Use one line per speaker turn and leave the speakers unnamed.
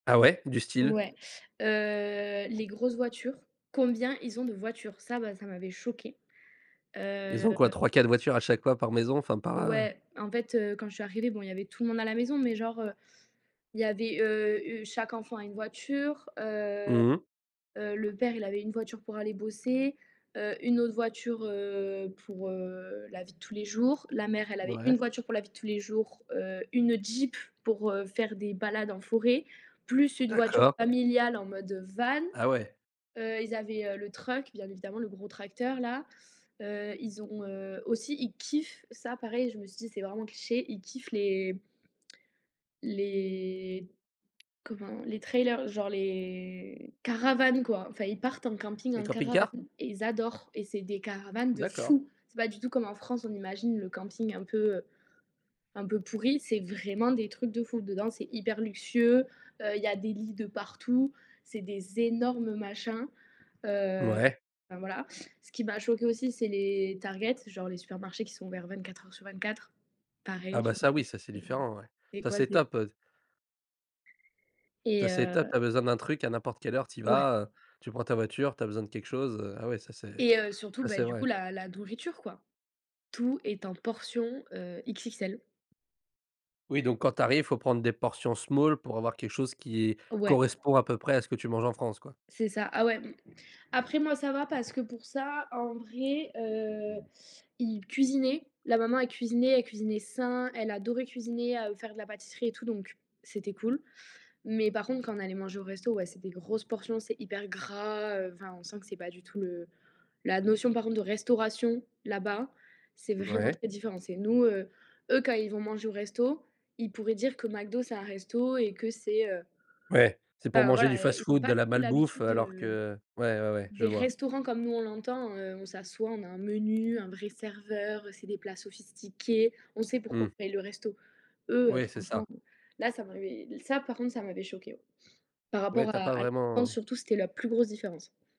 Ah ouais, du style?
Ouais, heu, les grosses voitures, combien ils ont de voitures, ça, bah, ça m'avait choquée,
Ils
heu
ont quoi, 3-4 voitures à chaque fois par maison enfin, par, heu
Ouais, en fait, heu, quand je suis arrivée, bon, il y avait tout le monde à la maison, mais genre, heu, il y avait, heu, heu, chaque enfant a une voiture. Heu,
Mmh mh.
heu, le père il avait une voiture pour aller bosser, heu, une autre voiture, heu, pour, heu, la vie de tous les jours. La mère, elle avait une
Ouais.
voiture pour la vie de tous les jours, heu, une Jeep pour, heu, faire des balades en forêt, plus une voiture
D'accord.
familiale, en mode van.
Ah ouais!
Heu, ils avaient le truck, bien évidemment, le gros tracteur là. Heu, ils ont ont, heu, aussi, ils kiffent, ça pareil, je me suis dit c'est vraiment cliché, ils kiffent les les comment, les trailers, genre les caravanes, quoi. Enfin ils partent en camping
Les
en
camping-cars?
caravane et ils adorent et c'est des caravanes de
D'accord.
fou. C'est pas du tout comme en France on imagine le camping un peu un peu pourri, c'est vraiment des trucs de fou dedans, c'est hyper luxueux, heu, il y a des lits de partout, c'est des énormes machins, heu,
Mouais.
enfin, voilà. Ce qui m'a choquée aussi c'est les Targets, genre les supermarchés qui sont ouverts 24h/24,
Ah
pareil,
bah
je
ça, oui, ça, c'est
me dis:
différent, ouais.
«Mais c'est
Ça
quoi ce
c'est
délire?»
top, heu
Et
ça c'est top.
heu
Tu as besoin d'un truc à n'importe quelle heure, tu y
Ouais.
vas, heu, tu prends ta voiture, tu as besoin de quelque chose, heu, ah ouais ça c'est
Et heu, surtout,
ça
bah,
c'est
du coup,
vrai.
la la nourriture, quoi. Tout est en portion, heu, XXL.
Oui, donc quand tu arrives, il faut prendre des portions small pour avoir quelque chose qui est
Ouais.
correspond à peu près à ce que tu manges en France, quoi.
C'est ça, ah ouais m après moi, ça va, parce que pour ça, en vrai, heu, ils cuisinaient. La maman, elle cuisinait, elle cuisinait sain, elle adorait cuisiner, à, heu, faire de la pâtisserie et tout donc, c'était cool, mais par contre quand on allait manger au resto, ouais, c'est des grosses portions, c'est hyper gras, heu, enfin, on sent que c'est pas du tout, heu, la notion par contre de restauration là-bas, c'est vraiment
Ouais.
très différent. C'est nous, heu, eux quand ils vont manger au resto, ils pourraient dire que McDo, c'est un resto et que c'est, heu
Ouais, c'est pour
enfin
manger du
voilà, eh, ils ont
fast-food,
pas
de
du
la
tout
malbouffe
l'habitude,
alors
heu,
que ouais, ouais, ouais, je
des
vois.
restaurants comme nous on l'entend, heu, on s'assoit, on a un menu, un vrai serveur, c'est des plats sophistiqués, on sait pourquoi
Mmh.
on paye le resto. Eux,
Oui, c'est
franchement,
ça.
là, ça m'avait ça par contre ça m'avait choquée ouais. Par
Ouais,
rapport
tu as
à
pas
à l ance
vraiment
surtout c'était la plus grosse différence.